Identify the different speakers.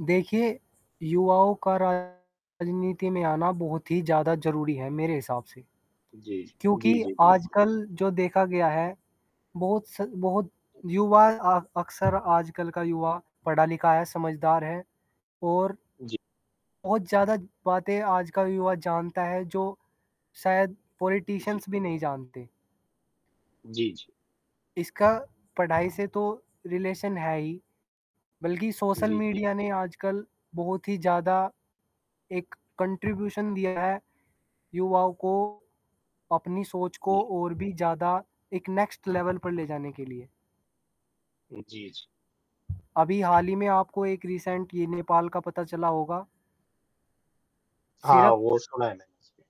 Speaker 1: देखिए, युवाओं का राज़नीति में आना बहुत ही ज़्यादा ज़रूरी है मेरे हिसाब से।
Speaker 2: जी, जी। जी,
Speaker 1: क्योंकि
Speaker 2: जी, बिल्कुल।
Speaker 1: आजकल जो देखा गया है बहुत स बहुत
Speaker 2: जी।
Speaker 1: युवा अ अक्सर आजकल का युवा पढ़ा लिखा है समझदार है। और
Speaker 2: जी।
Speaker 1: बहुत ज़्यादा बातें आज का युवा जानता है जो शायद
Speaker 2: जी।
Speaker 1: पॉलिटिशियंस भी नहीं जानते।
Speaker 2: जी, जी।
Speaker 1: इसका पढ़ाई से तो रिलेशन है ही। बल्कि सोशल
Speaker 2: जी, जी।
Speaker 1: मीडिया ने आजकल बहुत ही ज़्यादा एक कॉन्ट्रिब्यूशन दिया है। युवाओं को, अपनी सोच को
Speaker 2: जी।
Speaker 1: और भी ज़्यादा एक नेक्स्ट लेवल पर ले जाने के लिए।
Speaker 2: जी, जी।
Speaker 1: अभी हाल ही में आपको एक रिसेंट ये नेपाल का पता चला होगा।
Speaker 2: हाँ,
Speaker 1: सिर्फ़
Speaker 2: वो सुना है मैंने। जी।